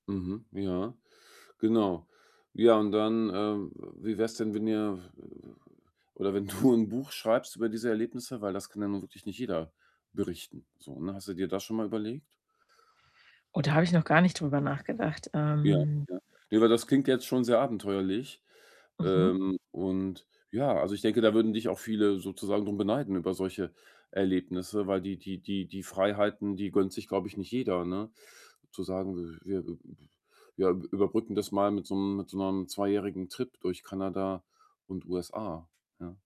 Mhm, ja. Genau. Ja, und dann, äh, w wie wär's denn, wenn ihr, f äh, w oder wenn du 'n Buch schreibst über diese Erlebnisse, weil das kann ja nun wirklich nicht jeder berichten so, ne? Hast du dir das schon mal überlegt? Oh, da habe ich noch gar nicht drüber nachgedacht, Ja, ähm ja. Ne, aber das klingt jetzt schon sehr abenteuerlich. Mhm. Ähm, und ja, also, ich denke, da würden dich auch viele sozusagen drum beneiden über solche Erlebnisse, weil die die die die Freiheiten, die gönnt sich, glaube ich, nicht jeder, ne? Zu sagen, wir, äh, b wir überbrücken das mal mit so 'nem mit so 'nem zweijährigen Trip durch Kanada und USA, ja?